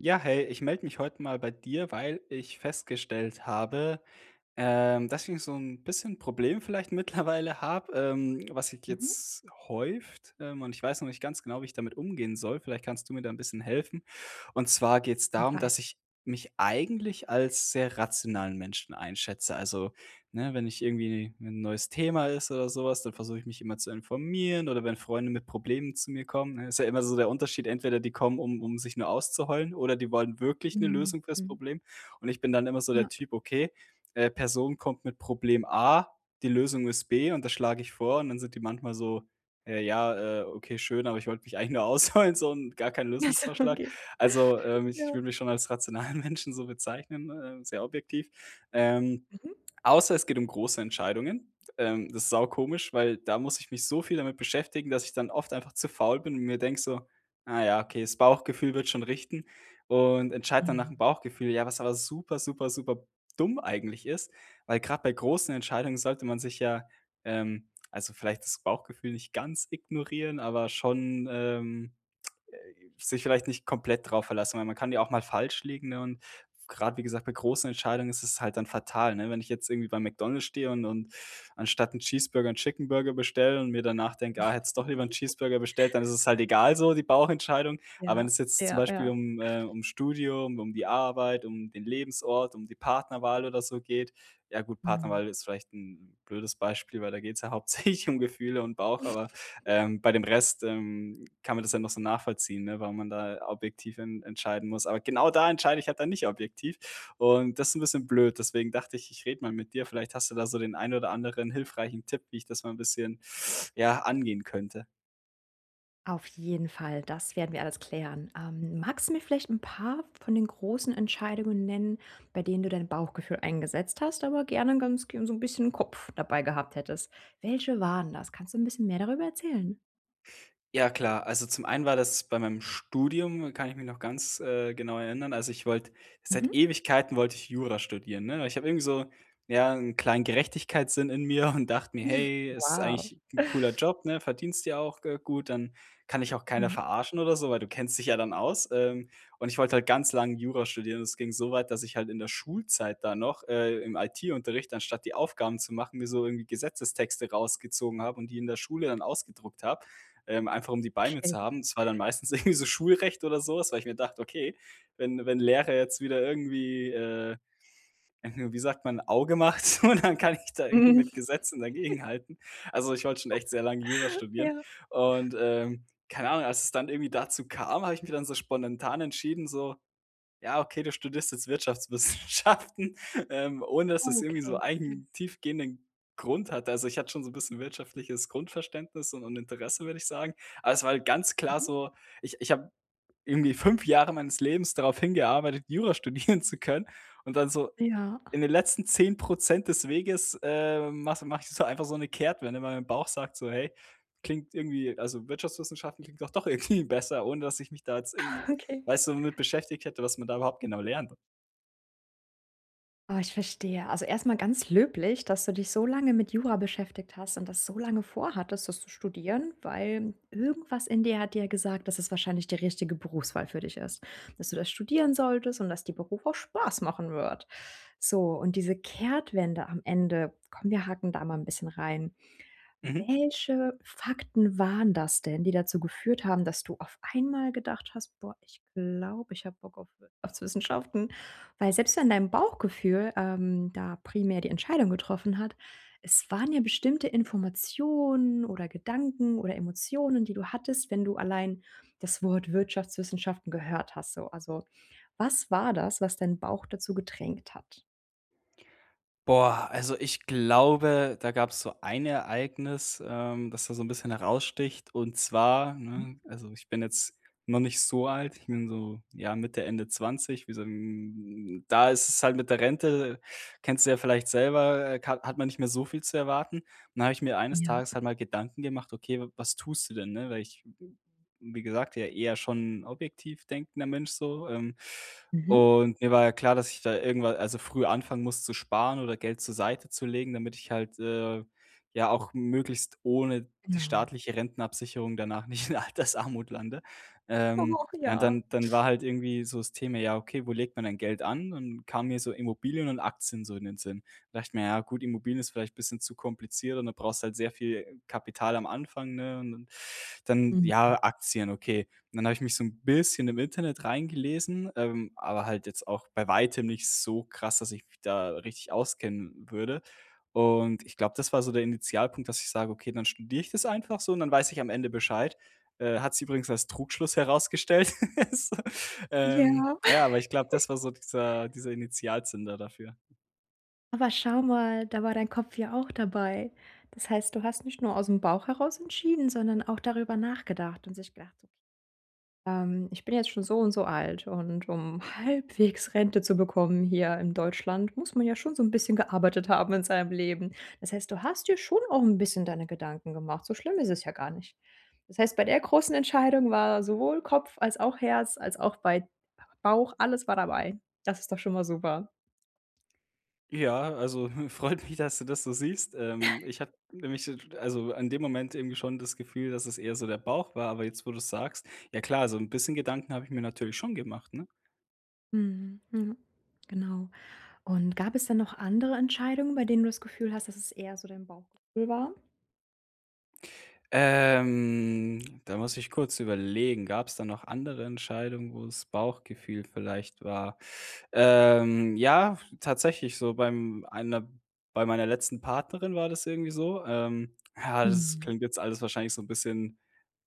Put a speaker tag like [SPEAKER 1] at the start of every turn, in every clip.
[SPEAKER 1] Ja, hey, ich melde mich heute mal bei dir, weil ich festgestellt habe, ähm, dass ich so 'n bisschen Problem vielleicht mittlerweile habe, ähm, was sich
[SPEAKER 2] Mhm.
[SPEAKER 1] jetzt häuft, ähm, und ich weiß noch nicht ganz genau, wie ich damit umgehen soll. Vielleicht kannst du mir da 'n bisschen helfen. Und zwar geht es
[SPEAKER 2] Jeden
[SPEAKER 1] darum,
[SPEAKER 2] Fall.
[SPEAKER 1] dass ich mich eigentlich als sehr rationalen Menschen einschätze. Also, ne, wenn ich irgendwie 'ne 'n neues Thema ist oder sowas, dann versuche ich mich immer zu informieren oder wenn Freunde mit Problemen zu mir kommen, ne, ist ja immer so der Unterschied, entweder die kommen, um um sich nur auszuheulen, oder die wollen wirklich 'ne
[SPEAKER 2] Mhm,
[SPEAKER 1] Lösung fürs
[SPEAKER 2] mhm.
[SPEAKER 1] Problem. Und ich bin dann immer so der
[SPEAKER 2] Ja.
[SPEAKER 1] Typ, okay, äh, Person kommt mit Problem A, die Lösung ist B und das schlage ich vor, und dann sind die manchmal so: „Äh, ja, äh, okay, schön, aber ich wollte mich eigentlich nur ausheulen, so und gar kein
[SPEAKER 2] Ach so,
[SPEAKER 1] Lösungsvorschlag“.
[SPEAKER 2] okay.
[SPEAKER 1] Also, ähm, ich
[SPEAKER 2] Ja.
[SPEAKER 1] würde mich schon als rationalen Menschen so bezeichnen, äh, sehr objektiv, ähm,
[SPEAKER 2] Mhm.
[SPEAKER 1] außer es geht um große Entscheidungen, ähm, das ist saukomisch, weil da muss ich mich so viel damit beschäftigen, dass ich dann oft einfach zu faul bin und mir denke so: „Ah, ja, okay, das Bauchgefühl wird schon richten“. Und entscheide dann nach
[SPEAKER 2] Mhm.
[SPEAKER 1] dem Bauchgefühl, ja, was aber super, super, super dumm eigentlich ist. Weil grad bei großen Entscheidungen sollte man sich ja, ähm, also, vielleicht das Bauchgefühl nicht ganz ignorieren, aber schon, ähm, äh, sich vielleicht nicht komplett drauf verlassen, weil man kann ja auch mal falsch liegen, ne, und grad, wie gesagt, bei großen Entscheidungen ist es halt dann fatal, ne, wenn ich jetzt irgendwie bei McDonald's stehe und und anstatt 'n Cheeseburger 'n Chicken Burger bestelle und mir danach denke: „Ah, hättest doch lieber 'n Cheeseburger bestellt“, dann ist es halt egal so die Bauchentscheidung, aber wenn
[SPEAKER 2] Ja,
[SPEAKER 1] es jetzt zum
[SPEAKER 2] ja,
[SPEAKER 1] Beispiel
[SPEAKER 2] ja.
[SPEAKER 1] um, äh um das Studium, um die Arbeit, um den Lebensort, um die Partnerwahl oder so geht, ja gut,
[SPEAKER 2] Mhm.
[SPEAKER 1] Partnerwahl ist vielleicht 'n blödes Beispiel, weil da geht es ja hauptsächlich um Gefühle und Bauch, aber, ähm, bei dem Rest, ähm, kann man das ja noch so nachvollziehen, ne, wenn man da ja objektiv en entscheiden muss. Aber genau da entscheide ich halt da nicht objektiv und das 'n bisschen blöd. Deswegen dachte ich, ich rede mal mit dir. Vielleicht hast du da so den einen oder anderen hilfreichen Tipp, wie ich das mal 'n bisschen ja, angehen könnte.
[SPEAKER 2] Auf jeden Fall. Das werden wir alles klären. Ähm, magst du mir vielleicht 'n paar von den großen Entscheidungen nennen, bei denen du dein Bauchgefühl eingesetzt hast, aber gerne gan g so 'n bisschen Kopf dabei gehabt hättest. Welche waren das? Kannst du 'n bisschen mehr darüber erzählen?
[SPEAKER 1] Ja, klar. Also, zum einen war das bei meinem Studium kann ich mich noch ganz, äh, genau erinnern. Also, ich wollte, seit
[SPEAKER 2] Mhm.
[SPEAKER 1] Ewigkeiten wollte ich Jura studieren, ne? Weil ich habe irgendwie so, ja, 'n kleinen Gerechtigkeitssinn in mir und dachte mir:
[SPEAKER 2] Hm,
[SPEAKER 1] „Hey, es ist
[SPEAKER 2] wow.
[SPEAKER 1] eigentlich 'n cooler Job, ne, verdienst ja auch, äh, gut, dann kann dich auch keiner
[SPEAKER 2] Ja.
[SPEAKER 1] verarschen oder so, weil du kennst dich ja dann aus.“ Ähm, und ich wollte halt ganz lange Jura studieren. Das ging so weit, dass ich halt in der Schulzeit da noch, äh, im IT-Unterricht, anstatt die Aufgaben zu machen, mir so irgendwie Gesetzestexte rausgezogen habe und die in der Schule dann ausgedruckt habe, ähm, einfach um die bei mir zu
[SPEAKER 2] Okay.
[SPEAKER 1] haben. Das war dann meistens irgendwie so Schulrecht oder sowas, weil ich mir gedacht: „Okay, wenn wenn Lehrer jetzt wieder irgendwie, äh wie sagt man Auge macht und dann kann ich da irgendwie
[SPEAKER 2] Mhm.
[SPEAKER 1] mit Gesetzen dagegenhalten“. Also, ich wollte schon echt sehr lange Jura studieren.
[SPEAKER 2] Ja.
[SPEAKER 1] Und, ähm, keine Ahnung, als es dann irgendwie dazu kam, habe ich mich dann so spontan entschieden, so: „Ja, okay, du studierst jetzt Wirtschaftswissenschaften“, ähm, ohne dass es irgendwie so
[SPEAKER 2] Okay. Hm.
[SPEAKER 1] einen tiefgehenden Grund hat. Also, ich hatte schon so 'n bisschen wirtschaftliches Grundverständnis un und Interesse, würde ich sagen. Aber es war halt ganz klar
[SPEAKER 2] Mhm.
[SPEAKER 1] so, ich ich habe irgendwie 5 Jahre meines Lebens darauf hingearbeitet, Jura studieren zu können und dann so
[SPEAKER 2] Ja.
[SPEAKER 1] in den letzten 10 % das Weges, äh, mache mache ich einfach so 'ne Kehrtwende. Mei mein Bauch sagt, so: „Hey, klingt irgendwie also, Wirtschaftswissenschaften klingt ja doch irgendwie besser.“ Ohne dass ich mich da jetzt irgendwie,
[SPEAKER 2] Okay.
[SPEAKER 1] weißt du, damit beschäftigt hätte, was man da überhaupt genau lernt.
[SPEAKER 2] Ah, ich verstehe. Also, erst mal ganz löblich, dass du dich so lange mit Jura beschäftigt hast und das so lange vorhattest, das zu studieren, weil irgendwas in dir hat dir ja gesagt, dass es wahrscheinlich die richtige Berufswahl für dich ist, dass du das studieren solltest und dass die Beruf auch Spaß machen wird. So, und diese Kehrtwende am Ende: „Komm, wir hacken da mal 'n bisschen rein.”
[SPEAKER 1] Mhm.
[SPEAKER 2] Welche Fakten waren das denn, die dazu geführt haben, dass du auf einmal gedacht hast: „Boah, ich glaube, ich hab Bock auf Wirtschaftswissenschaften.” Weil selbst wenn dein Bauchgefühl, ähm, da primär die Entscheidung getroffen hat, es waren ja bestimmte Informationen oder Gedanken oder Emotionen, die du hattest, wenn du allein das Wort „Wirtschaftswissenschaften“ gehört hast. So, also, was war das, was deinen Bauch dazu gedrängt hat?
[SPEAKER 1] Boah, also, ich glaube, da gab's so ein Ereignis, ähm, das da so 'n bisschen heraussticht, und zwar,
[SPEAKER 2] Hm.
[SPEAKER 1] ne, also, ich bin jetzt noch nicht so alt, ich bin so, ja, Mitte Ende 20, wie so 'n da ist es halt mit der Rente, kennst du ja vielleicht selber, ka hat man nicht mehr so viel zu erwarten. Und dann habe ich mir eines
[SPEAKER 2] Ja.
[SPEAKER 1] Tages halt mal Gedanken gemacht: „Okay, was tust du denn?”, ne? Weil ich bin, wie gesagt, ja eher schon 'n objektiv denkender Mensch so, ähm,
[SPEAKER 2] Mhm.
[SPEAKER 1] und mir war ja klar, dass ich da irgendwa also, früh anfangen muss, zu sparen oder Geld zur Seite zu legen, damit ich halt, äh, ja, auch möglichst ohne die
[SPEAKER 2] Genau.
[SPEAKER 1] staatliche Rentenabsicherung danach nicht in Altersarmut lande. Ähm,
[SPEAKER 2] Och,
[SPEAKER 1] ja, und
[SPEAKER 2] ja.
[SPEAKER 1] dann dann war halt irgendwie so das Thema: „Ja, okay, wo legt man dann Geld an?“ und kamen mir so Immobilien und Aktien so in den Sinn. Da dachte ich mir: „Ja, gut, Immobilien ist vielleicht bisschen zu kompliziert.”, und dann brauchst du halt sehr viel Kapital am Anfang, ne? Und dann dann
[SPEAKER 2] Mhm.
[SPEAKER 1] ja, Aktien, okay. Und dann habe ich mich so 'n bisschen im Internet reingelesen, ähm, aber halt jetzt auch bei weitem nicht so krass, dass ich mich da richtig auskennen würde. Und ich glaube, das war so der Initialpunkt, dass ich sage: „Okay, dann studiere ich das einfach so und dann weiß ich am Ende Bescheid.“ Äh, hat sich übrigens als Trugschluss herausgestellt.
[SPEAKER 2] Ja.
[SPEAKER 1] Ähm ja, aber ich glaube, das war so dieser dieser Initialzünder dafür.
[SPEAKER 2] Aber schau mal, da war dein Kopf ja auch dabei. Das heißt, du hast nicht nur ausm Bauch heraus entschieden, sondern auch darüber nachgedacht und sich gedacht so, [unintelligible] ähm: „Ich bin jetzt schon so und so alt und um halbwegs Rente zu bekommen hier in Deutschland, muss man ja schon so 'n bisschen gearbeitet haben in seinem Leben.“ Das heißt, du hast dir schon auch 'n bisschen deine Gedanken gemacht, so schlimm ist es ja gar nicht. Das heißt, bei der großen Entscheidung war sowohl Kopf als auch Herz, als auch bei Bauch, alles war dabei. Das ist doch schon mal super.
[SPEAKER 1] Ja, also, hm, freut mich, dass du das so siehst. Ähm, ich habe nämlich se also, in dem Moment irgendwie schon das Gefühl, dass es eher so der Bauch war, aber jetzt, wo du es sagst, ja, klar, so 'n bisschen Gedanken habe ich mir natürlich schon gemacht, ne?
[SPEAKER 2] Mhm, ja, genau. Und gab es da noch andere Entscheidungen, bei denen du das Gefühl hast, dass es eher so dein Bauchgefühl war?
[SPEAKER 1] Ähm, da muss ich kurz überlegen. Gab es da noch andere Entscheidungen, wo das Bauchgefühl vielleicht war? Ähm, ja, tatsächlich so beim einer bei meiner letzten Partnerin war das irgendwie so, ähm ja, das
[SPEAKER 2] Mhm.
[SPEAKER 1] klingt jetzt alles wahrscheinlich so 'n bisschen,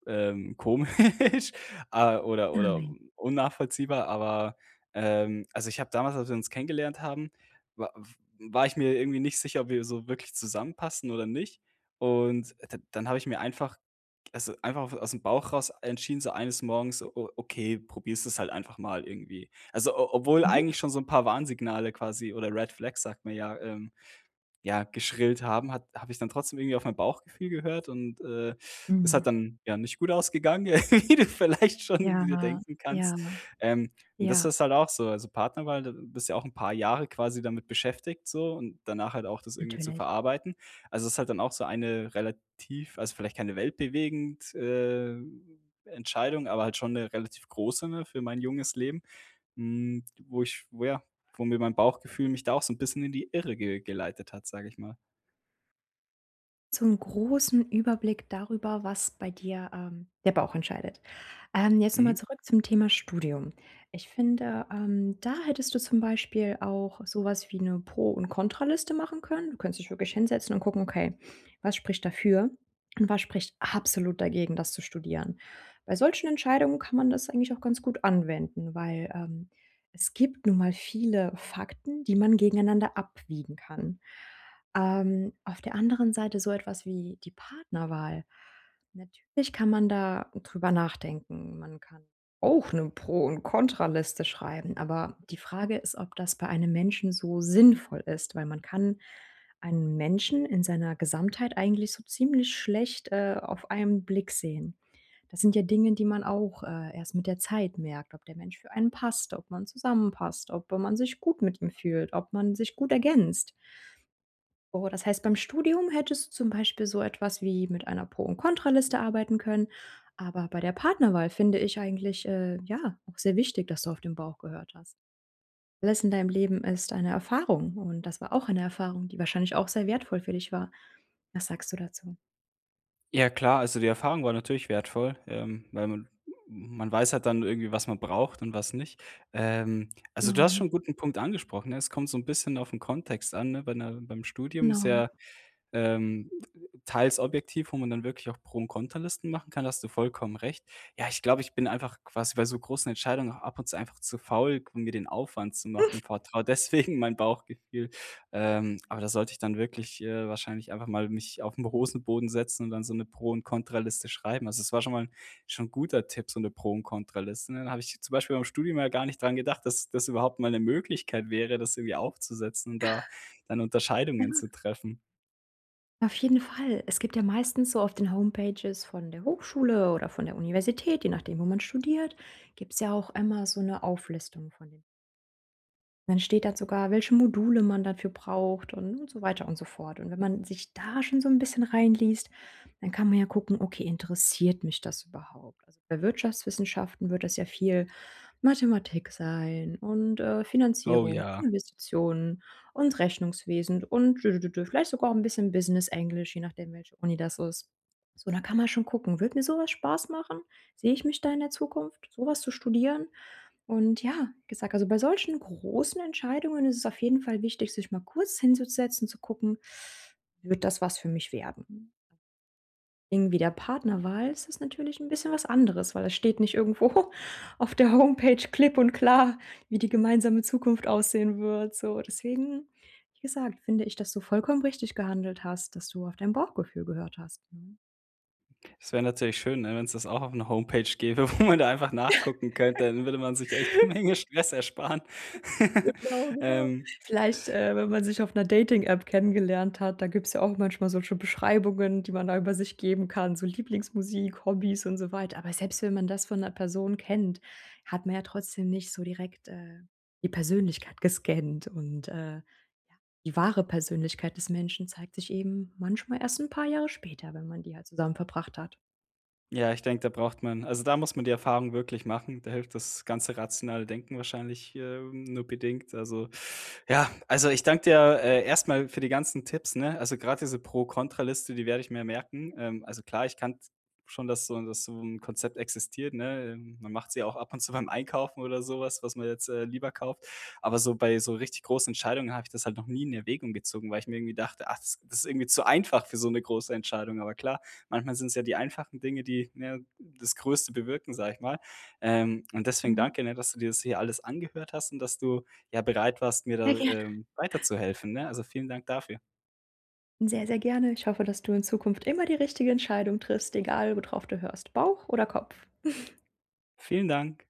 [SPEAKER 1] ähm, komisch, ah, oder oder
[SPEAKER 2] Nein.
[SPEAKER 1] unnachvollziehbar, aber, ähm also, ich habe damals, als wir uns kennengelernt haben, wa f war ich mir irgendwie nicht sicher, ob wir so wirklich zusammenpassen oder nicht. Und d dann habe ich mir einfach also, einfach ausm Bauch raus entschieden, so eines Morgens so, o okay, probierst es halt einfach mal irgendwie. Also, o obwohl
[SPEAKER 2] Mhm.
[SPEAKER 1] eigentlich schon so 'n paar Warnsignale quasi oder Red Flags, sagt man ja, ähm, ja, geschrillt haben, hat habe ich dann trotzdem irgendwie auf mein Bauchgefühl gehört und, äh, ist halt
[SPEAKER 2] Mhm.
[SPEAKER 1] dann ja nicht gut ausgegangen, wie du vielleicht schon dir
[SPEAKER 2] Ja,
[SPEAKER 1] denken kannst.
[SPEAKER 2] ja.
[SPEAKER 1] Ähm, und das
[SPEAKER 2] Ja.
[SPEAKER 1] ist halt auch so, also, Partnerwahl da bist du ja auch 'n paar Jahre quasi damit beschäftigt so und danach halt auch das irgendwie zu
[SPEAKER 2] Natürlich.
[SPEAKER 1] verarbeiten. Also, ist halt dann auch so eine relativ also, vielleicht keine weltbewegend, äh, Entscheidung, aber halt schon 'ne relativ große, ne, für mein junges Leben, hm, wo ich wo, ja, wo mir mein Bauchgefühl mich da auch so 'n bisschen in die Irre ge geleitet hat, sage ich mal.
[SPEAKER 2] Zum großen Überblick darüber, was bei dir, ähm, der Bauch entscheidet. Ähm, jetzt nochmal
[SPEAKER 1] Mhm.
[SPEAKER 2] zurück zum Thema Studium. Ich finde, ähm, da hättest du zum Beispiel auch sowas wie 'ne Pro und Kontra-Liste machen können. Du könntest dich wirklich hinsetzen und gucken: „Okay, was spricht dafür und was spricht absolut dagegen, das zu studieren?“ Bei solchen Entscheidungen kann man das eigentlich auch ganz gut anwenden, weil, ähm, es gibt nun mal viele Fakten, die man gegeneinander abwiegen kann. Ähm, auf der anderen Seite so etwas wie die Partnerwahl, natürlich kann man da drüber nachdenken. Man kann auch 'ne Pro und Kontra-Liste schreiben. Aber die Frage ist, ob das bei einem Menschen so sinnvoll ist, weil man kann einen Menschen in seiner Gesamtheit eigentlich so ziemlich schlecht, äh, auf einen Blick sehen. Da sind ja Dinge, die man auch, äh, erst mit der Zeit merkt, ob der Mensch für einen passt, ob man zusammenpasst, ob wenn man sich gut mit ihm fühlt, ob man sich gut ergänzt. Oh, das heißt, beim Studium hättest zum Beispiel so etwas wie mit einer Pro und Kontra-Liste arbeiten können. Aber bei der Partnerwahl finde ich eigentlich, äh, ja, auch sehr wichtig, dass du auf den Bauch gehört hast. Alles in deinem Leben ist eine Erfahrung. Und das war auch eine Erfahrung, die wahrscheinlich auch sehr wertvoll für dich war. Was sagst du dazu?
[SPEAKER 1] Ja klar, also die Erfahrung war natürlich wertvoll, ähm, weil man hm, man weiß halt dann irgendwie, was man braucht und was nicht. Ähm, also du hast
[SPEAKER 2] Namen.
[SPEAKER 1] schon 'n guten Punkt angesprochen, ne? Es kommt so 'n bisschen auf 'n Kontext an, ne, wenn, äh, beim Studium
[SPEAKER 2] Nam.
[SPEAKER 1] sehr, ähm, [unintelligible] teils objektiv, wo man dann wirklich auch Pro und Kontra-Listen machen kann, da hast du vollkommen recht. Ja, ich glaube, ich bin einfach quasi bei so großen Entscheidungen auch ab und zu einfach zu faul, um mir den Aufwand zu machen, vertraue deswegen mein Bauchgefühl. Ähm, aber da sollte ich dann wirklich, äh, wahrscheinlich einfach mal mich auf 'n Hosenboden setzen und dann so 'ne Pro und Kontra-Liste schreiben. Also es war schon mal 'n schon guter Tipp, so 'ne Pro und Kontra-Liste, dann habe ich zum Beispiel beim Studium mal gar nicht daran gedacht, dass das überhaupt mal 'ne Möglichkeit wäre, das irgendwie aufzusetzen und da dann Unterscheidungen
[SPEAKER 2] Ja.
[SPEAKER 1] zu treffen.
[SPEAKER 2] Auf jeden Fall. Es gibt ja meistens so auf den Homepages von der Hochschule oder von der Universität, je nachdem, wo man studiert gibt's ja auch immer so 'ne Auflistung von den... Dann steht da sogar, welche Module man dafür braucht und und so weiter und so fort. Und wenn man sich da schon so 'n bisschen reinliest, dann kann man ja gucken: „Okay, interessiert mich das überhaupt?“ Also bei Wirtschaftswissenschaften wird das ja viel Mathematik sein und, äh,
[SPEAKER 1] Oh
[SPEAKER 2] Finanzierung
[SPEAKER 1] ja.
[SPEAKER 2] und Investitionen und Rechnungswesen und dödödödö, vielleicht sogar 'n bisschen Business Englisch, je nachdem welche Uni das ist. So, dann kann man schon gucken: „Würde mir sowas Spaß machen? Sehe ich mich da in der Zukunft, sowas zu studieren?“ Und ja, wie gesagt, also bei solchen großen Entscheidungen ist es auf jeden Fall wichtig, sich mal kurz hinzusetzen zu gucken: „Wird das was für mich werden?“ Irgendwie der Partnerwahl ist es ist natürlich 'n bisschen was anderes, weil da steht nicht irgendwo auf der Homepage klipp und klar, wie die gemeinsame Zukunft aussehen wird, so. Deswegen, wie gesagt, finde ich, dass du vollkommen richtig gehandelt hast, dass du auf dein Bauchgefühl gehört hast, mhm.
[SPEAKER 1] Das wäre natürlich schön, ne? Wenn es das auch auf 'ner Homepage gäbe, wo man da einfach nachgucken könnte, dann würde man sich echt 'ne Menge Stress ersparen.
[SPEAKER 2] Genau, genau.
[SPEAKER 1] Ähm
[SPEAKER 2] Vielleicht, äh, wenn man sich auf 'ner Dating App kennengelernt hat, da gibt es ja auch manchmal solche Beschreibungen, die man da über sich geben kann, so Lieblingsmusik, Hobbys und so weiter. Aber selbst wenn man das von 'ner Person kennt, hat man, ja, trotzdem nicht so direkt, äh, die Persönlichkeit gescannt. Und, äh, die wahre Persönlichkeit des Menschen zeigt sich eben manchmal erst 'n paar Jahre später, wenn man die halt zusammen verbracht hat.
[SPEAKER 1] Ja, ich denke, da braucht man also, da muss man die Erfahrung wirklich machen. Da hilft das ganze rationale Denken wahrscheinlich, äh, nur bedingt, also ja, also, ich danke dir, äh, erstmal für die ganzen Tipps, ne? Also, grad diese Pro-Contra-Liste, die werde ich mir merken. Ähm, also, klar, ich kannte schon dass so dass so 'n Konzept existiert, ne? Man macht sie ja auch ab und zu beim Einkaufen oder sowas, was man jetzt, äh, lieber kauft. Aber so bei so richtig großen Entscheidungen habe ich das halt noch nie in Erwägung gezogen, weil ich mir irgendwie dachte: „Ach, das ist irgendwie zu einfach für so 'ne große Entscheidung.“ Aber klar, manchmal sind es ja die einfachen Dinge, die ja das größte bewirken, sage ich mal. Ähm, und deswegen
[SPEAKER 2] Mhm.
[SPEAKER 1] danke ne, dass du dir das hier alles angehört hast und dass du, ja, bereit warst, mir
[SPEAKER 2] Sehr
[SPEAKER 1] da,
[SPEAKER 2] gerne.
[SPEAKER 1] ähm, weiterzuhelfen, ne? Also, vielen Dank dafür.
[SPEAKER 2] Sehr, sehr gerne. Ich hoffe, dass du in Zukunft immer die richtige Entscheidung triffst. Egal, worauf du hörst, Bauch oder Kopf.
[SPEAKER 1] Vielen Dank.